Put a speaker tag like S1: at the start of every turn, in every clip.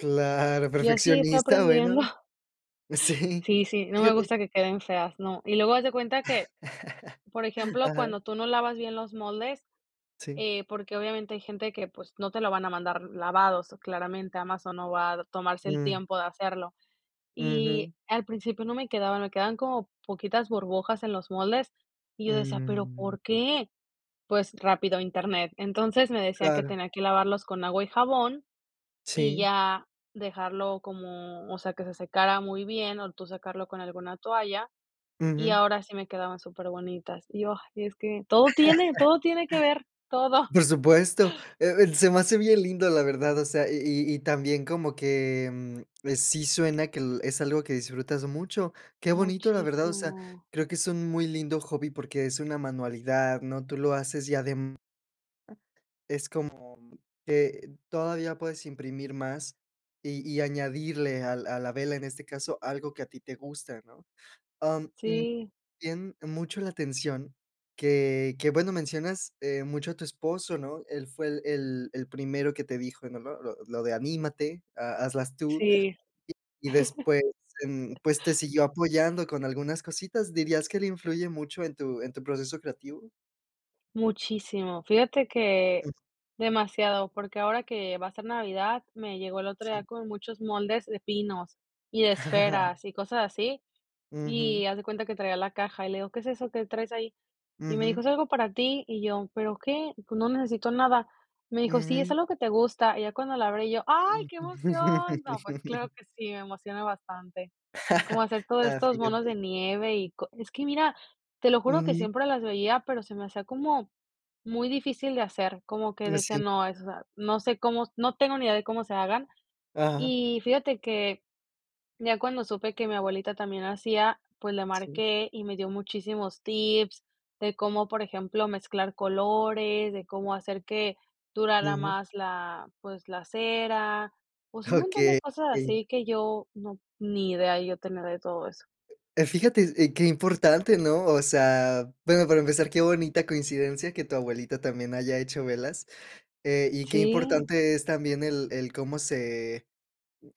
S1: Claro,
S2: Y así fui
S1: perfeccionista,
S2: aprendiendo.
S1: bueno. Sí.
S2: Sí, sí, no me
S1: Fíjate.
S2: gusta que queden feas, no. Y luego haz de cuenta que, por ejemplo,
S1: Ajá.
S2: cuando tú no lavas bien los moldes,
S1: Sí.
S2: eh, porque obviamente hay gente que, pues, no te la van a mandar lavados claramente, Amazon no va tomarse el
S1: Mm.
S2: tiempo de hacerlo. Y
S1: Ujú.
S2: al principio no me quedaba, me quedaban como poquitas burbujas en los moldes y yo decía: "Pero ¿por
S1: Mm.
S2: qué?" Pues rápido, Internet. Entonces me decían que
S1: Claro.
S2: tenía que lavarlos con agua y jabón y
S1: Sí.
S2: ya dejarlo como, o sea, que se secara muy bien o tú secarlo con alguna toalla, y
S1: Ujú.
S2: ahora sí me quedaban superbonitas. Y yo: "Es que, todo tiene todo tiene que ver, todo".
S1: Por supuesto. Eh eh, se me hace bien lindo, la verdad, o sea, y y y también como que, em, eh, sí suena que l es algo que disfrutas mucho. ¡Qué bonito! La verdad, o sea,
S2: Muchísimo.
S1: creo que es un muy lindo hobby porque es una manualidad, ¿no? Tú lo haces y adem es como que todavía puedes imprimir más y y añadirle al a la vela, en este caso, algo que a ti te gusta, ¿no? Am, mm,
S2: Sí.
S1: bien mucho la atención que que, bueno, mencionas, eh, mucho a tu esposo, ¿no? Él fue el el el primero que te dijo, ¿no? Lo lo lo de "anímate", "ha hazlas tú"
S2: Sí.
S1: y después, em, pues te siguió apoyando con algunas cositas. ¿Dirías que él influye mucho en tu en tu proceso creativo?
S2: Muchísimo. Fíjate que demasiado, porque ahora que va a ser Navidad, me llegó el otro día
S1: Sí.
S2: como muchos moldes de pinos y de esferas y cosas así,
S1: Ujú.
S2: y haz de cuenta que traía la caja y le digo: "¿Qué es eso que traes ahí?". Y me
S1: Ujú.
S2: dijo: "Es algo para ti". Y yo: "¿Pero qué? Pues no necesito nada". Me dijo: "Sí, es
S1: Ujú.
S2: algo que te gusta" y ya cuando la abrí yo: "Ay, ¡qué emoción!". No, pues claro que sí, me emociona bastante, como hacer todos
S1: Ah,
S2: estos monos de
S1: fíjate.
S2: nieve y co es que mira, te lo juro que
S1: Ujú.
S2: siempre las veía, pero se me hacía como muy difícil de hacer, como que
S1: Mm, eh,
S2: decía:
S1: sí.
S2: "No, o sea no sé cómo no tengo ni idea de cómo se hagan".
S1: Ajá.
S2: Y fíjate que ya cuando supe que mi abuelita también hacía, pues le
S1: Sí.
S2: marqué y me dio muchísimos tips de cómo, por ejemplo, mezclar colores, de cómo hacer que durara
S1: Ujú.
S2: más la pues la cera, pues un montón de
S1: Okey.
S2: cosas así que yo no ni idea yo tenía de todo eso.
S1: Eh, fíjate, eh, qué importante, ¿no? O sea, bueno, para empezar, qué bonita coincidencia que tu abuelita también haya hecho velas. Eh, y qué
S2: Sí.
S1: importante es también el el cómo se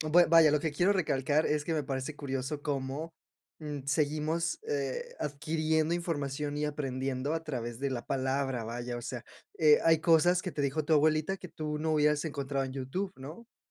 S1: bue vaya, lo que quiero recalcar es que me parece curioso cómo, mm, seguimos, eh, adquiriendo información y aprendiendo a través de la palabra, vaya, o sea. Eh, hay cosas que te dijo tu abuelita que tú no hubieras encontrado en YouTube, ¿no?